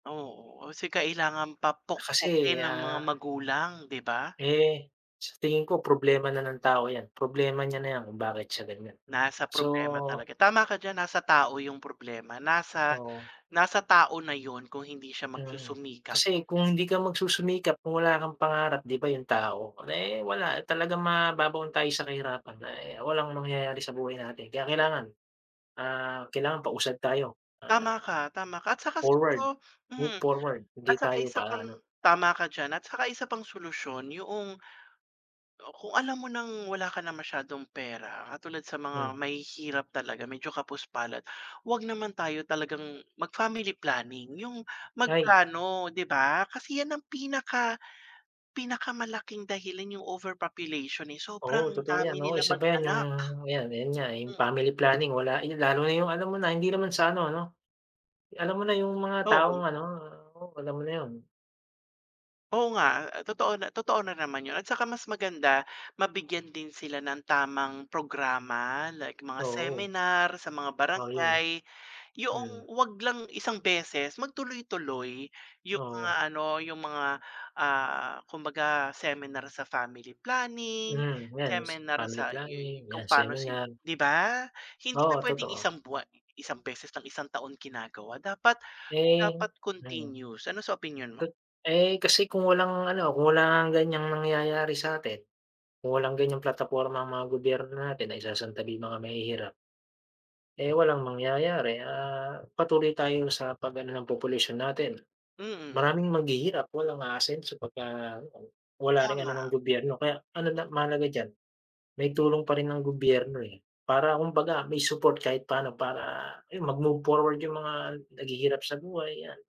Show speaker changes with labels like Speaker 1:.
Speaker 1: Oo. Kasi kailangan pa
Speaker 2: Na kasi,
Speaker 1: pukpukin ng mga
Speaker 2: ah.
Speaker 1: magulang, 'di ba?
Speaker 2: Eh, sa tingin ko problema na ng tao 'yan, problema niya na 'yan kung bakit siya ganiyan.
Speaker 1: Nasa problema
Speaker 2: So
Speaker 1: talaga. Tama ka diyan, nasa tao 'yong problema, nasa
Speaker 2: Oo.
Speaker 1: nasa tao na 'yon kung hindi siya
Speaker 2: Mm.
Speaker 1: magsusumikap.
Speaker 2: Kasi kung hindi ka magsusumikap kung wala kang pangarap, 'di ba, 'yong tao, eh, wala, talagang mababaon tayo sa kahirapan. Ah, eh, walang mangyayari sa buhay natin. Kaya kailangan ah, kailangan pausad tayo,
Speaker 1: Tama
Speaker 2: ah,
Speaker 1: ka, tama ka. At saka
Speaker 2: forward,
Speaker 1: siguro
Speaker 2: move
Speaker 1: hmm,
Speaker 2: forward,
Speaker 1: at
Speaker 2: hindi
Speaker 1: saka
Speaker 2: tayo
Speaker 1: isa pang
Speaker 2: pa-ano.
Speaker 1: tama ka diyan, at saka isa pang solusyon yoong o, kung alam mo ng wala ka na masyadong pera, katulad sa
Speaker 2: Hmm.
Speaker 1: mga mahihirap talaga, medyo kapos palad. 'Wag naman tayo talagang mag-family planning, 'yong
Speaker 2: Ay.
Speaker 1: magplano, 'di ba? Kasi 'yan ang pinaka pinakamalaking dahilan 'yong overpopulation, eh,
Speaker 2: Oo,
Speaker 1: sobrang
Speaker 2: totoo 'yan.
Speaker 1: dami
Speaker 2: Oo,
Speaker 1: nilang
Speaker 2: isa pa 'yan, 'yong
Speaker 1: mag-anak.
Speaker 2: 'yan ayan nga, eh, 'yong
Speaker 1: Hmm.
Speaker 2: family planning, wala. Eh, lalo na 'yong, alam mo na, hindi naman sa ano, 'no, alam mo na'yong mga taong
Speaker 1: Oo.
Speaker 2: ano, alam mo na 'yon.
Speaker 1: Oo nga. A totoo na totoo na naman 'yon. At saka mas maganda, mabigyan din sila ng tamang programa, like mga
Speaker 2: Oo.
Speaker 1: seminar sa mga
Speaker 2: Oo, 'yon.
Speaker 1: barangay. Yoong
Speaker 2: Hmm.
Speaker 1: wag lang isang beses, mag tuloy-tuloy 'yong mga
Speaker 2: Oo.
Speaker 1: ano, 'yong mga, ah, kumbaga seminar sa family planning,
Speaker 2: Hmm. 'Yan wus
Speaker 1: seminar
Speaker 2: family
Speaker 1: sa 'yo
Speaker 2: planning,
Speaker 1: kung
Speaker 2: 'yan,
Speaker 1: paano si
Speaker 2: seminar.
Speaker 1: 'di ba? Hindi siya
Speaker 2: Oo
Speaker 1: puwedeng
Speaker 2: totoo.
Speaker 1: isang buwan, eh, isang beses ng isang taon ginagawa, dapat
Speaker 2: Eh
Speaker 1: dapat
Speaker 2: mm.
Speaker 1: continues. Ano sa opinyon mo?
Speaker 2: Ka eh, kasi kung walang ano, kung wala ngang ganiyang nangyayari sa'tin. Kung walang ganyang plataporma ang mga gobyerno natin, naisasantabi 'yong mga mahihirap. Eh, walang mangyayari, ah, patuloy tayo sa pag-ano ng population natin.
Speaker 1: Mm.
Speaker 2: Maraming maghihirap, walang aasenso pagka gutom, wala ring ano ng
Speaker 1: Tama.
Speaker 2: gobyerno. Kaya, ano na mahalaga diyan, may tulong pa rin ng gobyerno, eh. Para kumbaga may support kahit pa'no para, ayun, mag-move forward 'yong mga naghihirap sa buhay, 'yan.